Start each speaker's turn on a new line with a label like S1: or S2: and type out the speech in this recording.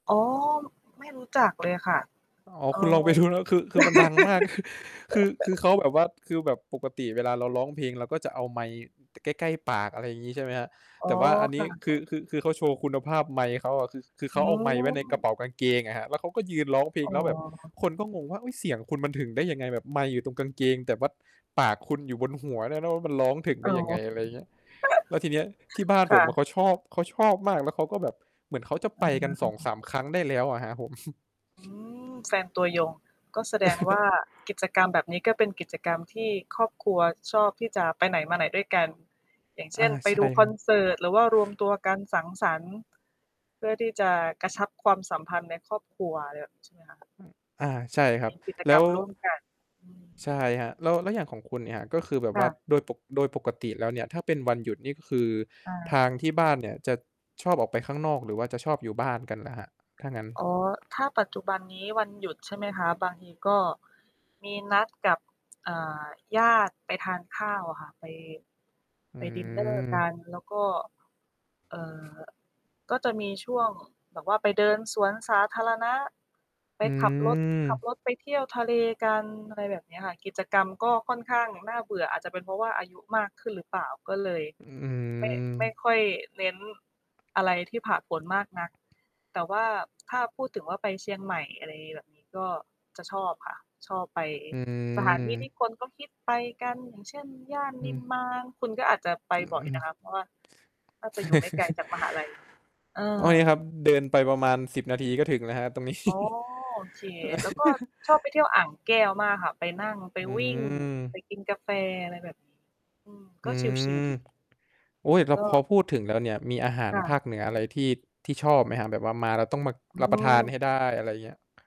S1: อ๋อ ไม่รู้จักเลยค่ะ
S2: อ๋อ
S1: เอ่อ
S2: คุณลองไป ดู นะ คือ คือมันดังมาก คือ คือเขาแบบว่า คือแบบปกติเวลาเราร้องเพลง เราก็จะเอาไมค์ใกล้ ๆ ปาก อะไรอย่างงี้ ใช่ไหมครับ
S1: อ๋
S2: แ
S1: อ
S2: ต่ว่าอันน
S1: ค
S2: ี
S1: ่
S2: ้
S1: ะ
S2: คือ คือ คือเขาโชว์คุณภาพไมค์เขาอะ คือเข
S1: อ
S2: า
S1: ๋อ
S2: เอาไมค์ไว้ในกระเป๋ากางเกงอะครับ แล้วเขาก็ยืนร้องเพล
S1: อ
S2: ง
S1: ๋
S2: แล
S1: อ
S2: ้วแบบคนก็งงว่า "เอ๊ย เสียงคุณมันถึงได้ยังไง? แบบไมค์อยู่ตรงกางเกง แต่ว่าปากคุณอยู่บนหัวด้วยนะ ว่ามันร้องถึงไ
S1: อ
S2: ด
S1: ๋
S2: ้
S1: อ
S2: ยังไง?" อะไรเงี้ย แล้วทีนี้ที่บ้าน
S1: ค
S2: ผ
S1: ่
S2: ม
S1: ะ
S2: เขาชอบ เขาชอบมาก แล้วเขาก็แบบเหมือนเขาจะ
S1: อ
S2: ไป
S1: ะ
S2: ก
S1: ฮ
S2: ัน
S1: ะ
S2: ส
S1: อื
S2: อง
S1: อ
S2: สาม ครั้งได้แล้วอะครับผม
S1: อืม แฟนตัวยง ก็แสดงว่า กิจกรรมแบบนี้ ก็เป็นกิจกรรมที่ครอบครัวชอบที่จะไปไหนมาไหนด้วยกัน อย่างเช
S2: อา
S1: ่น ไป
S2: ใช่
S1: ดู
S2: ค
S1: ค
S2: ร
S1: อ
S2: ั
S1: น
S2: บ
S1: เสิร์ต หรือว่ารวมตัวกันสังสรรค์ เพื่อที่จะกระชับความสัมพันธ์ในครอบครัว อะไรแบบนี้ ใช่ไหมคะ
S2: อะ อา ใช่ครั
S1: ม
S2: บ
S1: ีกิจ
S2: แล้
S1: กรร
S2: ว
S1: มร่วมกัน อืม
S2: ใช่ครับ แล้ว แล้วอย่างของคุณเนี่ยครับ ก็คือแบบ
S1: ค
S2: ว
S1: ่
S2: ่า
S1: ะ
S2: โดยปก โดยปกติแล้วเนี่ย ถ้าเป็นวันหยุดนี่คือ
S1: อา
S2: ทางที่บ้านเนี่ยจะชอบออกไปข้างนอก หรือว่าจะชอบอยู่บ้านกันล่ะครับ ถ้างั้น?
S1: อ๋อ ถ้าปัจจุบันนี้วันหยุด ใช่ไหมคะ บางทีก็มีนัดกับ อ่า ญาติไปทานข้าวอะค่ะ ไป
S2: อื
S1: ไปดินเนอร์ก
S2: ม
S1: ัน แล้วก็ เอ่อ ก็จะมีช่วงแบบว่าไปเดินสวนสาธารณะ ไป
S2: อื
S1: ขับรถ ขับ
S2: ม
S1: รถไปเที่ยวทะเลกัน อะไรแบบนี้ค่ะ กิจกรรมก็ค่อนข้างน่าเบื่อ อาจจะเป็นเพราะว่าอายุมากขึ้นหรือเปล่า ก็เลย
S2: อื้อฮื
S1: ไม่ ไม่
S2: อ
S1: ค่อยเน้นอะไรที่ผาดโผนมากนัก แต่ว่า ถ้าพูดถึงว่าไปเชียงใหม่ อะไรแบบนี้ ก็จะชอบค่ะ ชอบไป
S2: อื
S1: สถานที่ที่
S2: ม
S1: คนเขาฮิตไปกัน อย่างเช่น ย่าน
S2: อ
S1: นิม
S2: ือ
S1: มาน คุณก็อาจจะไป
S2: อือ
S1: บ่อ
S2: อ
S1: ย
S2: ืม
S1: นะคะ เพราะว่าน่าจะอยู่ไม่ไกลจากมหาลัย เอ
S2: อ้อ
S1: อ
S2: ยครับ เดินไปประมาณ 10 นาทีก็ถึงแล้วครับ ตรงนี้
S1: อ๋อ โอเค แล้วก็ชอบไปเที่ยวอ่างแก้วมากค่ะ ไปนั่ง ไป
S2: อื
S1: วิ่ง ไป
S2: ม
S1: กินกาแฟ อะไรแบบนี้ อืม
S2: อ
S1: ก็
S2: ื
S1: ชิล ๆ
S2: ม
S1: ดี
S2: โอ๊ย แล
S1: แ
S2: ้
S1: ล
S2: ว
S1: ้วก
S2: พอ
S1: ็
S2: พูดถึงแล้วเนี่ย มีอาหาร
S1: ค่
S2: ภ
S1: ะ
S2: าคเหนืออะไร ที่ ที่ชอบไหมครับ? แบบว่ามาแล้วต้องมา
S1: อื
S2: รับประทานใ
S1: ม
S2: ห้ได้ อะไรเงี้ย